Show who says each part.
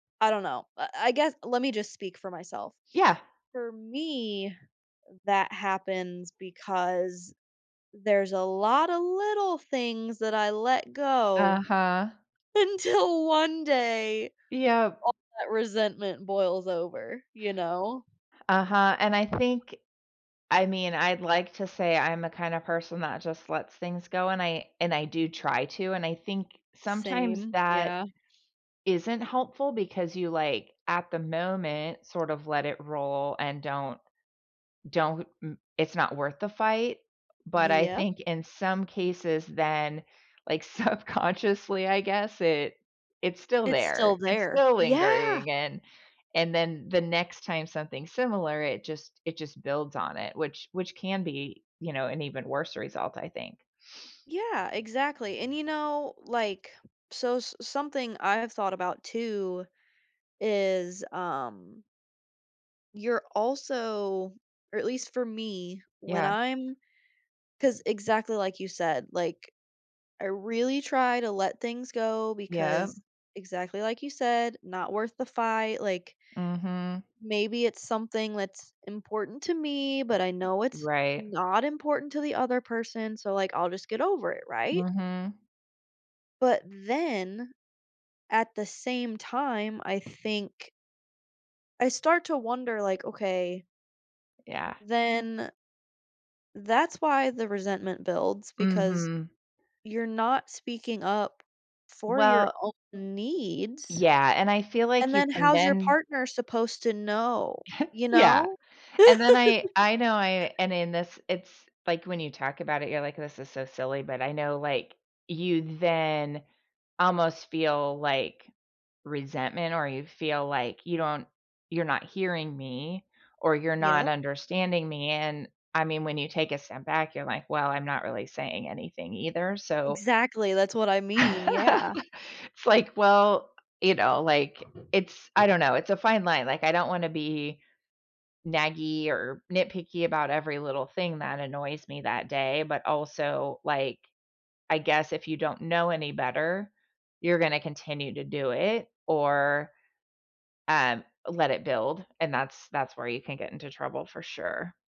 Speaker 1: I don't know, I I guess, let me just speak for myself.
Speaker 2: Yeah.
Speaker 1: For me, that happens because there's a lot of little things that I let go.
Speaker 2: Uh-huh.
Speaker 1: Until one day,
Speaker 2: Yep.
Speaker 1: all that resentment boils over, you know.
Speaker 2: Uh-huh, and I think I mean, I'd like to say I'm the kind of person that just lets things go, and I and I do try to, and I think sometimes
Speaker 1: Same,
Speaker 2: that
Speaker 1: yeah.
Speaker 2: Isn't helpful because you, like, at the moment, sort of let it roll and don't don't, n it's not worth the fight, but I
Speaker 1: Yep.
Speaker 2: think in some cases then, like, subconsciously, I guess it it's still
Speaker 1: It's still
Speaker 2: there, it's
Speaker 1: there,
Speaker 2: still
Speaker 1: yeah.
Speaker 2: lingering and and then the next time something similar, it just it just builds on it, which which can be, you know, an even worse result, I think.
Speaker 1: Yeah, exactly, and you know, like, so, s something I have thought about too is, um You're also or at least for me, when
Speaker 2: Yeah.
Speaker 1: I'm ‘cause exactly like you said, like, I really try to let things go
Speaker 2: Yep.
Speaker 1: because exactly like you said, not worth the fight, like
Speaker 2: Mhm.
Speaker 1: Maybe it's something that's important to me, but I know it's
Speaker 2: Right.
Speaker 1: not important to the other person, so, like, I'll just get over it, right.
Speaker 2: Mhm.
Speaker 1: But then at the same time, I think. I start to wonder like, “Okay“
Speaker 2: Yeah.
Speaker 1: then that's why the resentment builds because
Speaker 2: Mhm.
Speaker 1: you're not speaking up for your
Speaker 2: Well
Speaker 1: own needs,
Speaker 2: Yeah, and I feel
Speaker 1: and
Speaker 2: like you
Speaker 1: then
Speaker 2: can
Speaker 1: how's your
Speaker 2: then
Speaker 1: partner supposed to know, you
Speaker 2: Yeah,
Speaker 1: know?
Speaker 2: and then I I know I and in this, it's like, when you talk about it, you're like, “This is so silly,” but I know, like, you then almost feel, like, resentment or you feel, like, you don't you're not hearing me, or you're not
Speaker 1: Yup.
Speaker 2: understanding me, and I mean, when you take a step back, you're like, well, I'm not really saying anything either, so.
Speaker 1: Exactly, that's what I mean, yeah.
Speaker 2: It's like well, you know, like, it's, I don't know, it's a fine line. Like I don't want to be naggy or nitpicky about every little thing that annoys me that day, but also, like, I guess if you don't know any better, you're gonna continue to do it, or Um, let it build, and that's that's where you can get into trouble for sure.